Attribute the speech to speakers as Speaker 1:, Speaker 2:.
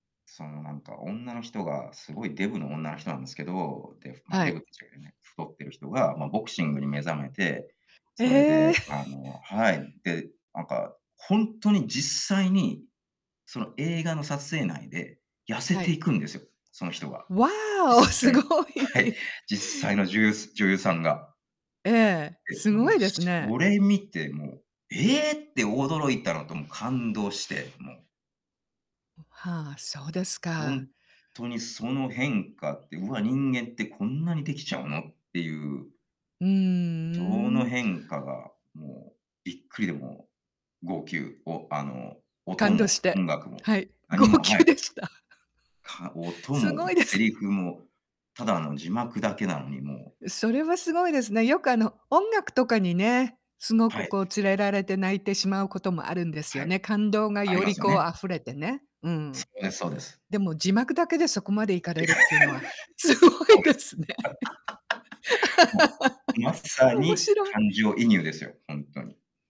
Speaker 1: その何か女の人がすごいデブの女の人なんですけど、で、ま、
Speaker 2: は
Speaker 1: デブっ
Speaker 2: い。
Speaker 1: て言っちゃいけね太ってる人がまボクシングに目覚めて、それで
Speaker 2: ええ。
Speaker 1: あのはい。で、何か本当に実際にその映画の撮影内で痩せ
Speaker 2: は
Speaker 1: て
Speaker 2: い。
Speaker 1: いくんですよ、その人が。
Speaker 2: わお！
Speaker 1: 実
Speaker 2: す
Speaker 1: 際。
Speaker 2: ご
Speaker 1: はい。
Speaker 2: い。
Speaker 1: 実際のじゆうす女優さんが。
Speaker 2: ええ、
Speaker 1: で、
Speaker 2: すご
Speaker 1: もう
Speaker 2: いです
Speaker 1: そ
Speaker 2: ね。
Speaker 1: れ見てもう、ええって驚いたのともう感動して、もう。
Speaker 2: はあ、そうですか。
Speaker 1: 本当にその変化って、うわ、人間ってこんなにできちゃうのっていう。
Speaker 2: う
Speaker 1: その
Speaker 2: ーん。
Speaker 1: 変化がもうびっくりでも号泣、おあの音
Speaker 2: 感動
Speaker 1: も、
Speaker 2: し
Speaker 1: 音
Speaker 2: て、
Speaker 1: 楽も
Speaker 2: はい、号
Speaker 1: 何も。
Speaker 2: 泣でした。
Speaker 1: か音
Speaker 2: す
Speaker 1: も
Speaker 2: ごいです
Speaker 1: セリ
Speaker 2: ね。
Speaker 1: フもただの字幕だけなのにもう
Speaker 2: それはすごいですね。よくあの音楽とかにね、すご
Speaker 1: は
Speaker 2: く
Speaker 1: い。
Speaker 2: こう連れられて泣いてしまうこともあるんです
Speaker 1: は
Speaker 2: よ
Speaker 1: い、
Speaker 2: ね。感動が
Speaker 1: あり
Speaker 2: よ
Speaker 1: ま
Speaker 2: り
Speaker 1: すよ
Speaker 2: こ
Speaker 1: ね。
Speaker 2: う溢れてね。う
Speaker 1: そ
Speaker 2: ん。
Speaker 1: れはそうです。
Speaker 2: でも字幕だけでそこまでいかれるっていうのはすご
Speaker 1: そう
Speaker 2: いで
Speaker 1: で
Speaker 2: すね。
Speaker 1: す。もう、まさ
Speaker 2: 面
Speaker 1: に
Speaker 2: 白い。
Speaker 1: 感情移入ですよ、本当に。